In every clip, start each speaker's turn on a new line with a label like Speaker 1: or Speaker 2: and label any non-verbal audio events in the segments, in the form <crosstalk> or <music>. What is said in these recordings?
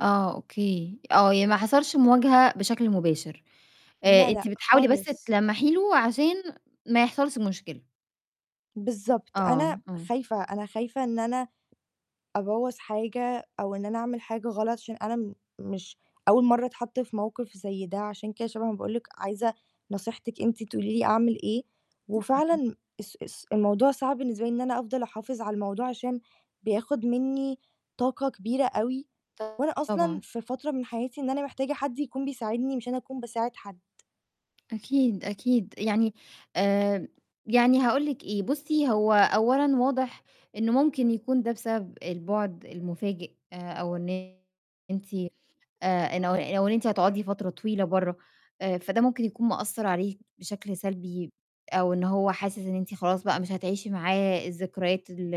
Speaker 1: آه أوكي، آه يعني ما حصلش مواجهة بشكل مباشر، آآ،
Speaker 2: لا،
Speaker 1: أنتِ
Speaker 2: لأ،
Speaker 1: بتحاولي بس
Speaker 2: خالص.
Speaker 1: تلمّحي له عشان ما يحصلش مشكلة.
Speaker 2: بالضبط،
Speaker 1: آه،
Speaker 2: أنا
Speaker 1: إمم.
Speaker 2: خايفة، أنا خايفة إن أنا أبوّظ حاجة أو إن أنا أعمل حاجة غلط عشان أنا م مش أوّل مَرّة أتحط في موقِف زي ده عشان كده شبعًا باقول لِك عايزة نصيحتِك أنتِ تقولي لي أعمل إيه،
Speaker 1: أيوه.
Speaker 2: وفعلًا اس اس الموضوع صعب بالنسبة لي إن أنا أفضل أحافظ على الموضوع عشان بياخد مِنّي طاقة كبيرة أوي، وأنا أصلًا
Speaker 1: طبعًا.
Speaker 2: في فترة من حياتي إن أنا محتاجة حد يكون بيساعدني مش أنا أكون باساعد حَد.
Speaker 1: أكيد، أكيد. يعني آآ، يعني هاقول لِك إيه بُصي، هو أولًا واضح إنّه ممكن يكون ده بسبب البُعد المفاجئ أو إن أنتِ آآ، إنه أو أو إن أنتِ هتقعدي فترة طويلة بَرّه، آآ فده ممكن يكون مأثّر عليه بشكل سلبي أو إن هو حاسس إن أنتِ خلاص بقى مش هتعيشي معاه الذكريات ال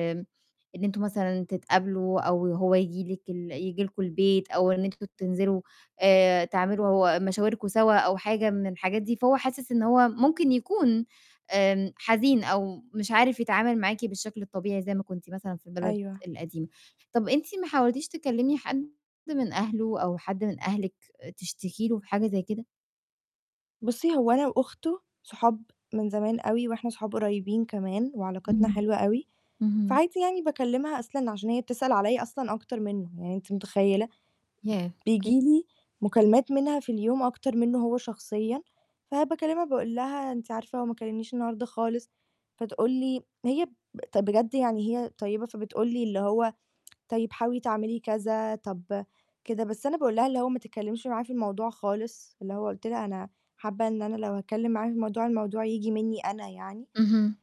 Speaker 1: إن أنتم مثلًا تتقابلوا أو هو ييجي لِك ال ييجي لكم البيت أو إن أنتم تنزلوا آآ، تعملوا مشاوركم سوا أو حاجة من الحاجات دي. فهو حاسس إن هو ممكن يكون آمم حزين أو مش عارف يتعامل معاكِ بالشكل الطبيعي زي ما كنتِ مثلًا في البلد
Speaker 2: أيوه.
Speaker 1: القديمة، طَب أنتِ ما حاولتيش تكلمي حد من أهله أو حد من أهلِك تشتكي له في حاجة زي كده؟
Speaker 2: بُصي، هو أنا وأخته صحاب من زمان أوي وإحنا صحاب قريبين كمان وعلاقتنا
Speaker 1: إمم،
Speaker 2: حلوة أوي،
Speaker 1: اهم.
Speaker 2: فعادي يعني باكلمها أصلًا عشان هي بتسأل عليّ أصلًا أكتر مِنّه يعني أنتِ متخيّلة؟ ب
Speaker 1: ياه! أوكي.
Speaker 2: بييجي لي مكالمات منها في اليوم أكتر مِنّه هو شخصيًا، فباكلمها باقُول لها: "أنتِ عارفة هو ما كلّمنيش النهارده خالص" فتقُول لي هي ب طَب بجد يعني هي طيبة فبتقُول لي اللي هو: <tsk> "طيّب حاولي تعملي كذا، طَب كده" بس أنا باقُول لها اللي هو ما تتكلمش معاه في الموضوع خالص اللي هو قُلت لها: "أنا حابّة إن أنا لو هاتكلم معاه في الموضوع، الموضوع ييجي مِنّي أنا يعني."
Speaker 1: اهم.